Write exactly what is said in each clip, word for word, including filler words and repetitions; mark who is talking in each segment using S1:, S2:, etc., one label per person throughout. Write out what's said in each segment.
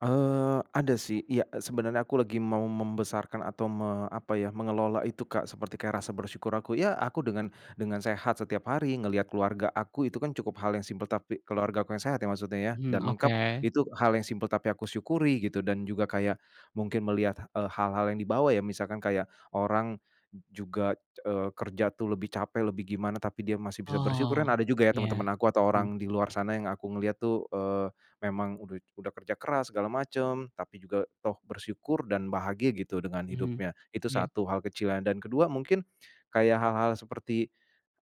S1: Eee, ada sih iya sebenarnya aku lagi mau membesarkan atau me apa ya, mengelola itu, Kak, seperti kayak rasa bersyukur aku iya aku dengan dengan sehat setiap hari ngelihat keluarga aku itu kan cukup hal yang simpel tapi keluargaku yang sehat ya maksudnya ya
S2: Mmm,
S1: dan lengkap
S2: oke.
S1: itu hal yang simpel tapi aku syukuri gitu dan juga kayak, mungkin melihat, eee, hal-hal yang dibawa ya misalkan kayak orang, juga, eee, kerja tuh lebih capek lebih gimana tapi dia masih bisa bersyukur
S2: Oh,
S1: dan ada juga ya
S2: iya,
S1: teman-teman aku atau
S2: mmm.
S1: orang di luar sana yang aku ngelihat tuh, eee, memang udah udah kerja keras segala macem tapi juga toh bersyukur dan bahagia gitu dengan
S2: Mhm,
S1: hidupnya itu
S2: iya.
S1: satu hal kecil dan kedua mungkin, kayak hal-hal seperti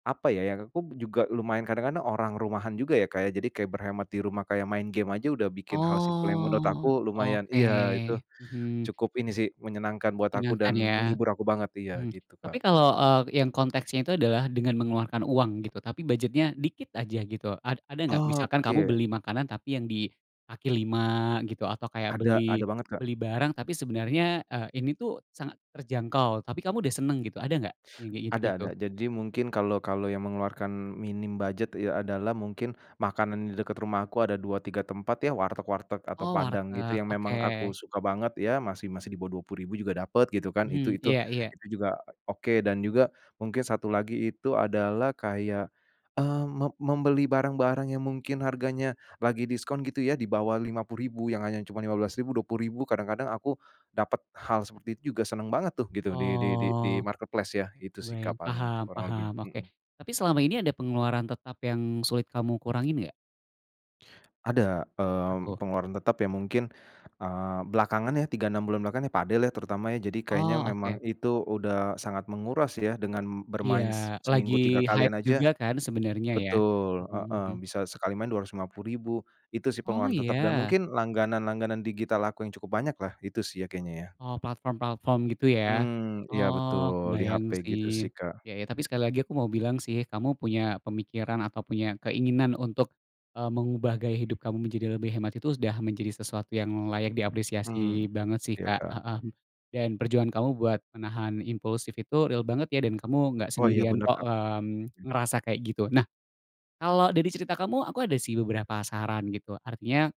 S1: apa ya, ya aku juga lumayan kadang-kadang orang rumahan juga ya, Kak, ya jadi kayak berhemat di rumah kayak main game aja udah bikin hal simpel yang menurut
S2: Oh
S1: aku lumayan
S2: oke,
S1: iya itu,
S2: mhm.
S1: cukup ini sih menyenangkan buat aku
S2: Menyenangkan
S1: dan
S2: ya,
S1: menghibur aku banget iya
S2: mmm,
S1: gitu, Kak.
S2: tapi kalau, eee, yang konteksnya itu adalah dengan mengeluarkan uang gitu tapi budgetnya dikit aja gitu ad ada gak misalkan kamu
S1: Oke.
S2: beli makanan tapi yang di kaki lima gitu atau kayak
S1: Ada
S2: beli
S1: ada banget, Kak.
S2: beli barang tapi sebenarnya, eee, ini tuh sangat terjangkau tapi kamu udah seneng gitu ada gak yang kayak
S1: Ada ada
S2: gitu-gitu?
S1: jadi mungkin kalau kalau yang mengeluarkan minim budget iya adalah mungkin, makanan di dekat rumahku ada dua tiga tempat ya warteg-warteg atau
S2: Oh
S1: Padang gitu
S2: warteg
S1: yang memang
S2: oke.
S1: aku suka banget ya masih masih di bawah dua puluh ribu juga dapet gitu kan itu
S2: Mhm,
S1: itu
S2: iya iya.
S1: itu juga oke dan juga mungkin satu lagi itu adalah kayak, eee, mem membeli barang-barang yang mungkin harganya, lagi diskon gitu ya di bawah lima puluh ribu yang hanya cuma lima belas ribu dua puluh ribu kadang-kadang aku, dapat hal seperti itu juga seneng banget tuh gitu di di di
S2: Oh,
S1: di-marketplace ya itu sih, Kak,
S2: kebayang
S1: paling
S2: paham
S1: kurang
S2: paham,
S1: lebihnya,
S2: oke
S1: mhm.
S2: tapi selama ini ada pengeluaran tetap yang sulit kamu kurangin enggak?
S1: Ada,
S2: Apa
S1: eee,
S2: tuh?
S1: pengeluaran tetap ya mungkin, eee, belakangan ya tiga-enam bulan belakangan ya padel lah terutama ya jadi kayaknya
S2: Oh
S1: memang
S2: oke.
S1: itu udah sangat menguras ya dengan
S2: Iya
S1: bermain s
S2: lagi
S1: seminggu tiga kalian
S2: hype
S1: aja
S2: juga kan sebenernya ya,
S1: betul,
S2: mhm
S1: heeh,
S2: mhm.
S1: bisa sekali main dua ratus lima puluh ribu itu sih
S2: Oh
S1: pengeluaran tetap dan
S2: iya?
S1: mungkin langganan langganan digital aku yang cukup banyaklah itu sih ya kayaknya ya.
S2: Oh platform-platform gitu ya,
S1: Mmm, iya
S2: oh
S1: betul di
S2: kebayang
S1: H-P
S2: sih,
S1: gitu sih, Kak.
S2: iya iya tapi sekali lagi aku mau bilang sih kamu punya pemikiran atau punya keinginan untuk, eee, mengubah gaya hidup kamu menjadi lebih hemat itu sudah menjadi sesuatu yang layak
S1: Mmm,
S2: diapresiasi banget sih,
S1: iya,
S2: Kak,
S1: Kak.
S2: heeh, dan perjuangan kamu buat menahan impulsif itu real banget ya dan kamu enggak
S1: Oh iya
S2: sendirian
S1: bener,
S2: kok,
S1: Kak.
S2: mmm, ngerasa kayak gitu nah, kalau dari cerita kamu aku ada sih beberapa saran gitu artinya